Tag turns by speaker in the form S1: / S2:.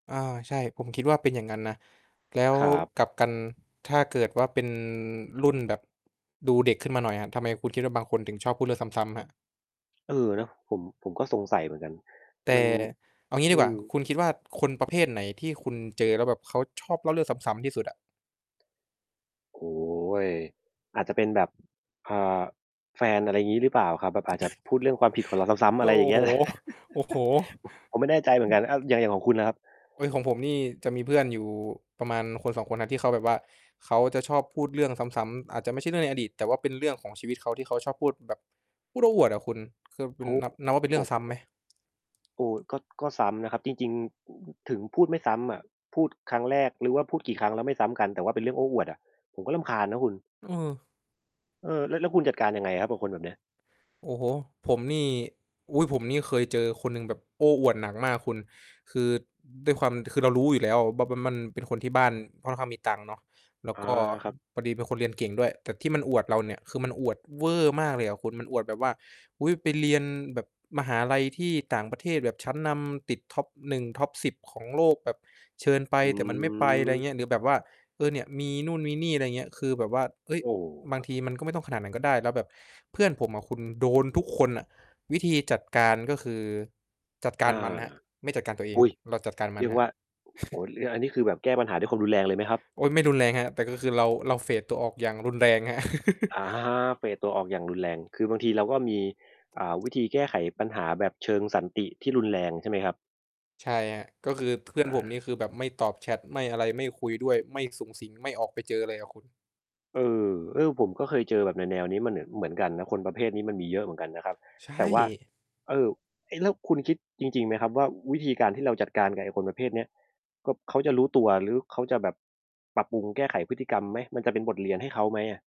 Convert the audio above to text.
S1: อา ใช่ ผมคิดว่าเป็นอย่างงั้นนะ แล้ว
S2: ครับ
S1: กลับกันถ้าเกิดว่าเป็นรุ่นแบบดูเด็กขึ้นมาหน่อยอะ ทำไมคุณคิดว่าบางคนถึงชอบพูดเรื่องซ้ำ ๆ ครับ?
S2: เออ เนาะ ผม ผมก็สงสัยเหมือนกัน
S1: แต
S2: มั
S1: ่
S2: น
S1: เอางี้
S2: อื
S1: ดีกว่า
S2: ม
S1: คุณคิดว่าคนประเภทไหนที่คุณเจอ แล้วแบบเขาชอบเล่าเรื่องซ้ำ ๆ ที่สุดอะ?
S2: โอ้โฮ อาจจะเป็นแบบ เอ่อ แฟน อะไรงี้หรือเปล่าครับ แบบอาจจะพูดเรื่องความผิดของเราซ้ำ ๆ อ
S1: โอ
S2: ะไร
S1: ้
S2: อย่างเง
S1: โ
S2: ี
S1: ฮ
S2: ้ย
S1: โอ้โฮ อื
S2: ผ ผมไม่แน่ใจเหมือนกัน อ่า
S1: อ
S2: อย่าง อย่างของคุณน่ะครับ?
S1: เฮ้ย ของผมนี่จะมีเพื่อนอยู่ประมาณ 1-2 คนน่ะ ที่เขาแบบว่าเขาจะชอบพูดเรื่องซ้ำ ๆ อาจจะไม่ใช่เรื่องในอดีต แต่เป็นเรื่องของชีวิตเขาที่เขาชอบพูด แบบพูดโอ้อวดอะคุณ คือค
S2: โ
S1: ุ
S2: อ้โ
S1: ณ
S2: ฮ
S1: นับ นับว่า
S2: ค
S1: เป
S2: ร
S1: ็
S2: ั
S1: น
S2: บ
S1: เรื่
S2: ผ
S1: อง
S2: ม
S1: ซ้ำไหม?
S2: โอ้โฮ ก็ ก็ซ้ำนะครับ จริง ๆ ถึงพูดไม่ซ้ำอะ พูดครั้งแรก หรือว่าพูดกี่ครั้งแล้วไม่ซ้ำกัน แต่ว่าเป็นเรื่องโอ้อวดอะ ผมก็รำคาญนะคุณ
S1: เออ
S2: เออ แล้ว แล้วคุณจัดการยังไงครับกับคนแบบเนี้ย?
S1: โอ้โฮ ผมนี่ อุ๊ย ผมนี่เคยเจอคนหนึ่งแบบโอ้อวดหนักมากคุณ คือด้วยความ คือเรารู้อยู่แล้วแบบว่ามันเป็นคนที่บ้านค่อนข้างมีตังค์เนาะ แล้ว
S2: อา
S1: ก็
S2: ครับ
S1: พอดีเป็นคนเรียนเก่งด้วย แต่ที่มันอวดเราเนี่ย คือมันอวดเวอร์มากเลยอะคุณ มันอวดแบบว่า อุ๊ย ไปเรียนแบบมหาลัยที่ต่างประเทศแบบชั้นนำ ติด top 1 top 10 ของโลกแบบเชิญไป
S2: อื
S1: แต่มันไม่ไป ไร
S2: ม
S1: เงี้ย หรือแบบว่า เออ เนี่ยมีนู่นมีนี่ อะไรเงี้ย คือแบบว่า เฮ้ย
S2: โอ
S1: บา
S2: ้
S1: งทีมันก็ไม่ต้องขนาดนั้นก็ได้ แล้วแบบเพื่อนผมอะคุณ โดน ทุกคนอะ วิธีจัดการก็คือจัดกา
S2: อ
S1: ร
S2: า
S1: มันครับ ไม่จัดการตัวเอง
S2: อุ๊ย!
S1: เราจัดการมั
S2: เรี
S1: น
S2: ยก
S1: คร
S2: ว
S1: ับ
S2: ่า โอ้โฮ หรืออันนี้ คือแบบแก้ปัญหาด้วยความรุนแรงเลยไหมครับ?
S1: โอ๊ย ไม่รุนแรงครับ แต่ก็คือเรา เรา เฟด ตัวออกอย่างรุนแรง ครับ
S2: อะฮะ เฟด ตัวออกอย่างรุนแรง คือบางทีเราก็มี อ่า วิธีแก้ไขปัญหาแบบเชิงสันติที่รุนแรงใช่ไหมครับ?
S1: ใช่ครับ ก็คือเพื่
S2: อ
S1: อนผมนี่
S2: า
S1: คือแบบไม่ตอบแชต ไม่อะไร ไม่คุยด้วย ไม่สุงสิง ไม่ออกไปเจอเลยอะคุณ
S2: เออ เออ ผมก็เคยเจอแบบแนว ๆ นี้มันมาเหนือน เหมือนกันนะ คนประเภทนี้มันมีเยอะเหมือนกันนะครับ
S1: ใช
S2: แต่ว่า
S1: ่
S2: เอ่อ เอ๊ะ แล้วคุณคิดจริง ๆ ไหมครับว่า วิธีการที่เราจัดการกับไอ้คนประเภทเนี้ย ก็ เขาจะรู้ตัว หรือเขาจะแบบปรับปรุงแก้ไขพฤติกรรมไหม? มันจะเป็นบทเรียนให้เขาไหมอะ?